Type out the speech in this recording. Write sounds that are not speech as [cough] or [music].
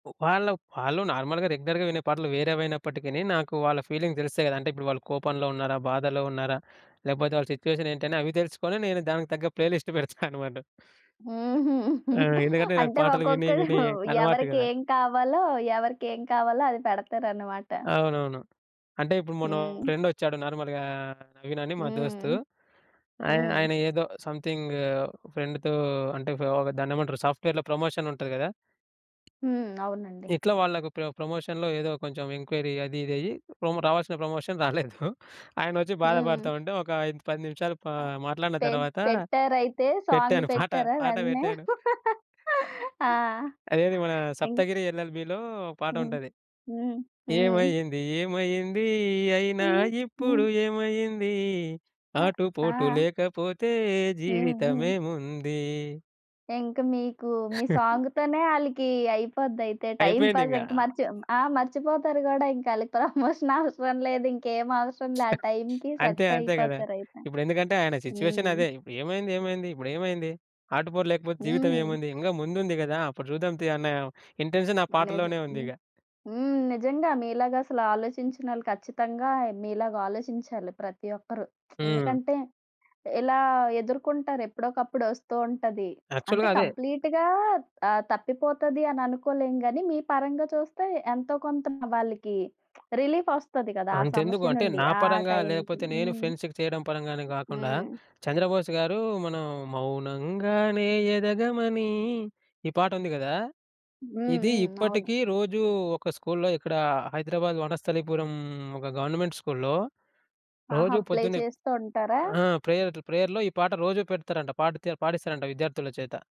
ఉ వాళ్ళు వాళ్ళు నార్మల్‌గా రెగ్యులర్‌గా వినే పాటలు వేరేవైనప్పటికీని, నాకు వాళ్ళ ఫీలింగ్స్ తెలుస్తాయి కద అంటే, ఇప్పుడు వాళ్ళు కోపంలో ఉన్నారా? బాధలో ఉన్నారా? లేకపోతే వాళ్ళ సిట్యుయేషన్ ఏంటి? అని అవి తెలుసుకొని నేను దానికి తగ్గ ప్లే లిస్ట్ [giggles] పెడతానన్నమాట. హుహు. ఆ! ఎందుకంటే నాకు అంటే పాటలు విని విని ఒక్కొక్కరు అలవాటు ఎవరికి గదా! ఏం కావాలో, ఎవరికి ఏం కావాలో అది పెడతారనమాట. అవునవును. అంటే ఇప్పుడు మొన్న మా హ్మ్. ఫ్రెండ్ వచ్చాడు నార్మల్‌గా, నవీన్ అని మా దోస్తు. హ్మ్. ఆయన హ్మ్. ఆయన ఏదో సమ్‌థింగ్ ఫ్రెండ్‌తో అంటే ఒక దాన్నేమంటారు? సాఫ్ట్‌వేర్‌లో ప్రమోషన్ ఉంటది కదా! హ్మ్. అవునండి. ఇట్లా వాళ్ళకి ఇప్పుడొక ప్రమోషన్‌లో ఏదో కొంచెం ఎన్‌క్వైరీ అది ఇది అయ్యి. ప్రొమో రావాల్సిన ప్రమోషన్ రాలేదు. [giggles] ఆయనచ్చి బాధపడతా హ్మ్. ఉంటే ఒక 5, 10 నిమిషాలు పా అ మాట్లాడిన పె తర్వాత పెట్టారయితే సాంగ్ పెట్టాను [giggles] పాట. పెట్టారా పాట వెంటనే? పెట్టాను. [laughs] ఆ! అదేది మన ఇన్ సప్తగిరి ఎల్‌ఎల్‌బీ‌లో ఒక పాట హ్మ్. ఉంటది. హ్మ్. హ్మ్. ఏమైంది? ఏమయ్యింది? అయినా హ్మ్. హ్మ్. ఇప్పుడు ఏమయ్యింది? అ! ఆటుపోటు ఆ! లేకపోతే హ్మ్ జీవితం హ్మ్. ఏముంది? ఇంకా మీకు మీ [chuckles] సాంగ్‌తోనే ఆళ్ళికి అయిపోద్దయితే అయిపోయింది టైమ్‌పాస్ ఇంగా. ఇంకా మర్చి ఆహ్, మర్చిపోతారు గూడా ఇంక వాళ్ళకి [chuckles] ప్రమోషన్ అవసరం లేదింకేం అవసరం లేదు. ఆ టైంకి అంతే సెట్ అంతే గదా! అయిపోతారయితే. ఇప్పుడు ఎందుకంటే ఆయన సిట్యుయేషన్ హ్మ్. అదే! ఇప్పుడు ఏమైంది? ఏమైంది? ఇప్పుడు ఏమైంది? ఆటుపోరు లేకపోతే జీవితం హ్మ్. ఏముంది? ఇంకా ముందుంది కదా! అప్పుడు చూద్దాం తియి అన్న ఆహ్, ఇంటెన్షన్ ఆ నిజం. పాటలోనే ఉంది హ్మ్. ఇగ. హ్మ్, నిజంగా మీలాగా అసల ఆలోచించినోళ్ళు ఖచ్చితంగా మీలాగా ఆలోచించాలి ప్రతి ఒక్కరు. [smacks lips] హ్మ్. ఎందుకంటే ఎలా ఎదుర్కుంటారు? ఎప్పుడోకప్పుడొస్తూ ఉంటది. అంటే యాక్చువల్‌గా అదే! కంప్లీట్‌గా ఆహ్, తప్పిపోతది అని అనుకోలేము గాని మీ పరంగా చూస్తే ఎంతో కొంత వాళ్ళకి [smacks lips] రిలీఫ్ వస్తది గదా! ఆ అంతెందుకు సమస్య అంటే నుండి నా ఆ పరంగా టైంకి. లేకపోతే నేను హ్మ్. ఫ్రెండ్స్‌కి చేయడం పరంగానే కాకుండా హ్మ్. చంద్రబోస్ గారు మనం మౌనంగానే ఎదగమని ఈ పాట ఉంది గదా! హ్మ్, ఇది హ్మ్. అవును. ఇప్పటికీ రోజూ ఒక స్కూల్లో ఇక్కడ హైదరాబాద్ వనస్థలిపురం, ఒక గవర్నమెంట్ స్కూల్‌లో ఆహా! రోజూ ప్లే పొద్దున్నే చేస్తూ ఉంటారా? ఆ! ప్రేయర్ అట్లా ప్రేయర్‌లో ఈ పాట రోజూ పెడతారంట. పాట తే పాడిస్తారంట విద్యార్థుల చేత.